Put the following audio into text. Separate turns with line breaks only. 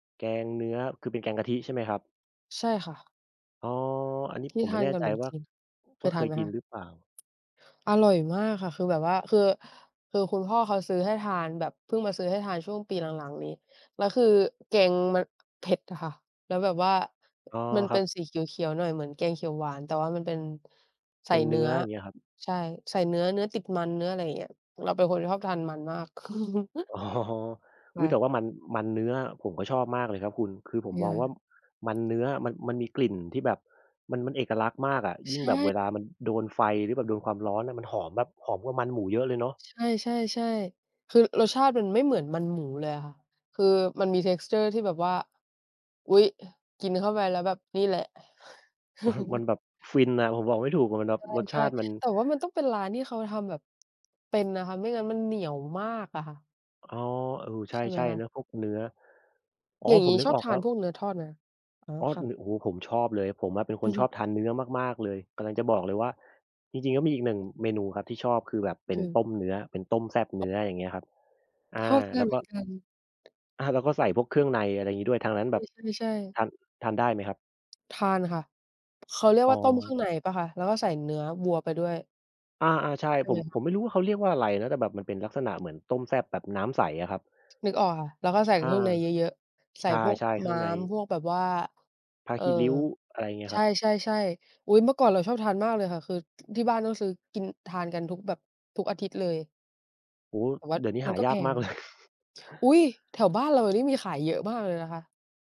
แกงเนื้อ คือเป็นแกงกะทิใช่ไหมครับ?
ใช่ค่ะ
อ๋อ อันนี้
ที
ผ
่
ม
ท
ไม่
า
แ
น
น่
กั
ใ
บ
จ
หนม
ว่
จ
า
ีน เค
ว่า
ย
เ
ท
ค
าน
ย
ไหม
กิน
คะ?
หรือเปล่า?
อร่อยมากค่ะ คือแบบว่า คือ คือคุณพ่อเขาซื้อให้ทานแบบ เพิ่งมาซื้อให้ทานช่วงปีหลัง ๆ นี้ แล้วคือแกงมัน เผ็ดอะค่ะ แล้วแบบว่า
อ๋อ
มัน
ค
เ
ร
ป
ั
็
บ
นสีเขียว ๆ หน่อยเหมือนแกงเขียวหวาน แต่ว่ามันเป็น ใส
เป
่
็นเ
เ
น
น
ื
ื้
้อ
อ
อย่างเงี้ยครับ
ใช่ ใส่เนื้อ เนื้อติดมัน เนื้ออะไรเงี้ย เราเป็นคนที่ชอบทานมันมาก
อ๋อ
ค
อุ๊
่
ย แต่
ะ
ว่ามัน มันเนื้อ ผมก็ชอบมากเลยครับคุณ คือผมมองว่า
[unintelligible]
มันเนื้อ มัน มันมีกลิ่นที่แบบ มัน มันเอกลักษณ์มากอะ ย
ใ
ิ่ง
ช
แบบเว
่
ลามันโดนไฟ หรือแบบโดนความร้อนอะ มันหอม แบบหอมกว่ามันหมูเยอะเลยเนาะ
ใช่ ๆ ๆ คือรสชาติมันไม่เหมือน มันหมูเลยอะค่ะ คือมันมี texture ที่แบบว่า อุ๊ย กินเข้าไปแล้วแบบนี่แหละ
มันแบบฟินอะ ผมบอกไม่ถูกอะ มันแบบรส
ใ
ช
ช่
าติมัน
ๆ แต่ว่ามันต้องเป็นร้านที่เขาทำแบบ เป็นนะคะ ไม่งั้นมันเหนียวมากอะค่ะ
อ๋อ เออ ใช
ใช่ไหม
่
ค
ๆ
ะ?
เนาะ พวกเนื้อ อ๋อ
อย่าง
ผ
ง
ม
ี้
นึ
ช
ก
อบ
ออก
ท
แ
า
ล้
น
ว
พวกเนื้อทอดนะ อ๋อ
อ๋อ น
ค่ะ
โอ้โฮ ผมชอบเลย ผมอะเป็นค
อ
น
ื
ช
ม
อบทานเนื้อมาก ๆ เลย กำลังจะบอกเลยว่า จริง ๆ ก็มีอีกหนึ่งเมนูครับที่ชอบ คือแบบเป็น
คือ
ต้มเนื้อ เป็นต้มแซ่บเนื้อ อย่างเงี้ยครับ อ
ช
า
อบด้
แล
วย
้ว
เห
ก
ม
็
ือนกัน
อา แล้วก็ใส่พวกเครื่องใน อะไรอย่างงี้ด้วย ทางนั้นแบบ
ใช่ ๆ ๆ
ทาน ทานได้ไหมครับ?
ทานค่ะ เขาเรียก
อ๋
ว่า ต้มเครื่อง
อ
ในเปล่าคะ? แล้วก็ใส่เนื้อวัวไปด้วย
อา ๆ ใช่
ใช่
ผ
ไห
ม
ม?
ผมไม่รู้ว่าเขาเรียกว่าอะไรนะ แต่แบบมันเป็นลักษณะเหมือนต้มแซ่บแบบน้ำใสอะครับ
นึกออกค่ะ แล้วก็ใส่
อา
เครื่องในเยอะ ๆ ใส
ใช
่พวก
่ ๆ เคร
ม
ื่
้
อง
า
ใ
ม
น
พวกแบบว่า
ผ้า
เออ
ขี้ริ้ว อะไรเงี้ย
ใช
ครับ
่ ๆ ๆ อุ๊ย เมื่อก่อนเราชอบทานมากเลยค่ะ คือ ที่บ้านต้องซื้อกิน ทานกันทุกแบบทุกอาทิตย์เลย
โอ้โฮ
แต่ว่า
เดี๋ยวนี้
ม
ห
ั
า
นก็
ย
แ
า
พ
กม
ง
าก
น
เล
ะ
ย
อุ๊ย แถวบ้านเรานี่ มีขายเยอะมากเลยนะคะ